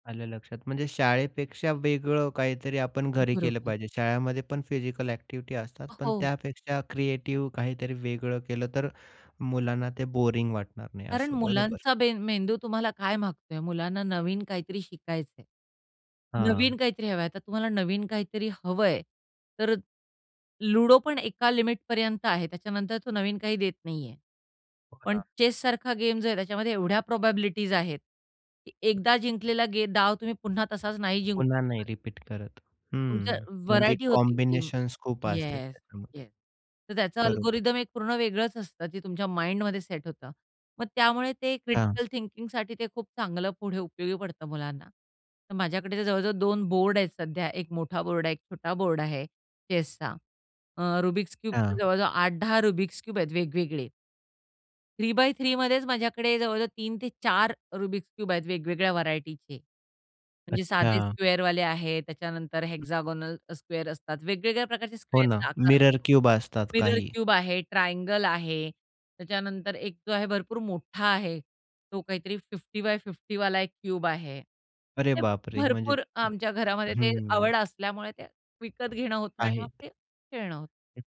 आलं लक्षात. म्हणजे शाळेपेक्षा वेगळं काहीतरी आपण घरी केलं बरोबर. पाहिजे. शाळेमध्ये पण फिजिकल ॲक्टिव्हिटी असतात अ, पण हो. त्यापेक्षा क्रिएटिव्ह काहीतरी वेगळं केलं तर मुलांना ते बोरिंग वाटणार नाही कारण असं बरोबर? मुलांचा बेन मेंदू तुम्हाला काय मागतोय, मुलांना नवीन काहीतरी शिकायचंय, नवीन हां. काहीतरी हवंय. आता तुम्हाला नवीन काहीतरी हवंय तर लुडो पण एका लिमिटपर्यंत आहे त्याच्यानंतर तो नवीन काही देत नाहीये. हो पण ना. चेससारखा गेम जो आहे त्याच्यामध्ये एवढ्या प्रोबॅबिलिटीज आहेत, एकदा जिंकलेला गे डाव तुम्ही पुन्हा तसाच नाही जिंकू पुन्हा नाही शकत. रिपीट करत. तुमच्या हं, म्हणजे व्हेरायटी होती ती कॉम्बिनेशन्स खूप असते येस, त्याच्यामध्ये, येस. तर त्याचा बरोबर. ॲल्गोरिदम एक पूर्ण वेगळंच असतं ते तुमच्या माइंडमध्ये सेट होतं. मग त्यामुळे ते हां. क्रिटिकल थिंकिंगसाठी ते खूप चांगलं पुढे उपयोगी पडतं मुलांना तर माझ्याकडे तर जवळ-जवळ 2 बोर्ड आहेत सध्या 1 मोठा बोर्ड आहे 1 छोटा बोर्ड आहे चेसचा. अ, रुबिक्स क्यूबचे हां. जवळजवळ 8-10 रुबिक्स क्यूब आहेत वेगवेगळे. 3 बाय 3 मध्येच माझ्याकडे जवळजवळ 3-4 रुबिक्स क्यूब्स आहेत वेगवेगळ्या व्हेरायटीचे. म्हणजे साधे अच्छा. स्क्वेअरवाले आहेत, त्याच्यानंतर हं. हेक्सागोनल स्क्वेअर असतात, वेगवेगळ्या प्रकारचे हो ना, स्क्वेअर आकार मिरर क्यूब असतात मिरर काही. क्यूब आहे, ट्रायंगल आहे, त्याच्यानंतर एक जो आहे भरपूर मोठा आहे तो काहीतरी 50 बाय 50 एक क्यूब आहे. अरे ते बापरे! म्हणजे भरपूर आमच्या घरामध्ये ते हं. आवड असल्यामुळे ते विकत घेणं होतं आणि मग आहेत. ते खेळणं होतं.